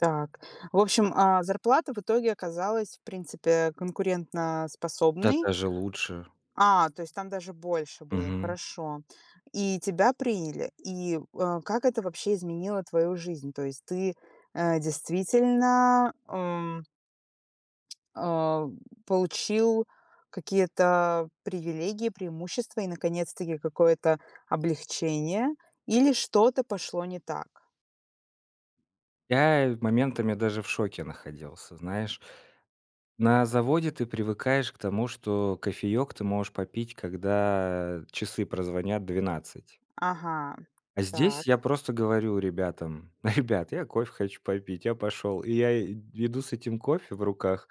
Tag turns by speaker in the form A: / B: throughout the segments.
A: Так, в общем, а, зарплата в итоге оказалась, в принципе,
B: Да,
A: конкурентоспособной.
B: даже лучше.
A: А, то есть там даже больше было,
B: Мгм.
A: хорошо. И тебя приняли. И, э, как это вообще изменило твою жизнь? То есть ты, э, действительно, ам э, получил какие-то привилегии, преимущества и наконец-таки какое-то облегчение, или что-то пошло не так?
B: Я, в моментами, даже в шоке находился, знаешь. На заводе ты привыкаешь к тому, что кофеёк ты можешь попить, когда часы прозвонят 12.
A: Ага,
B: А здесь, я
A: так.
B: просто говорю ребятам: "Ребят, я кофе хочу попить. Я пошёл." И я, э, иду с этим кофе в руках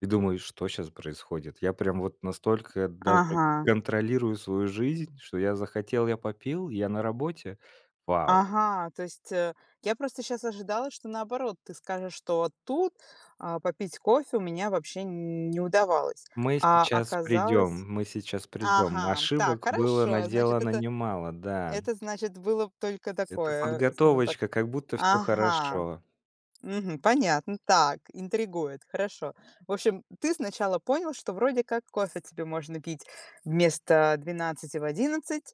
B: и думаю: "Что щас происходит? Я, прям вот, настолько даже
A: Ага.
B: контролирую свою жизнь, что я захотел- я попил? Я на работе? Вау".
A: Ага, то есть, э, я просто щас ожидала, что наоборот ты скажешь, что тут, э, попить кофе у меня вообще не удавалось,
B: Мы
A: а
B: сейчас
A: оказалось
B: придём мы сейчас придём.
A: Ага, так,
B: Ошибок было
A: хорошо, значит,
B: наделано
A: это
B: немало, да.
A: это значит, было б только
B: Это
A: такое, скажем так
B: подготовочка, как будто всё
A: Ага,
B: хорошо.
A: мгм, понятно, так, интригует, хорошо. В общем, ты сначала понял, что вроде как кофе тебе можно пить вместо 12 в 11,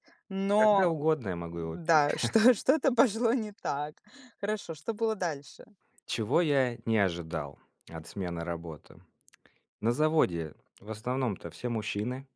B: Когда
A: но,
B: угодно я могу его пить.
A: да, что, что-то пошло не так. Хорошо, что было дальше?
B: Чего я не ожидал от смены работы: на заводе в основном-то все мужчины.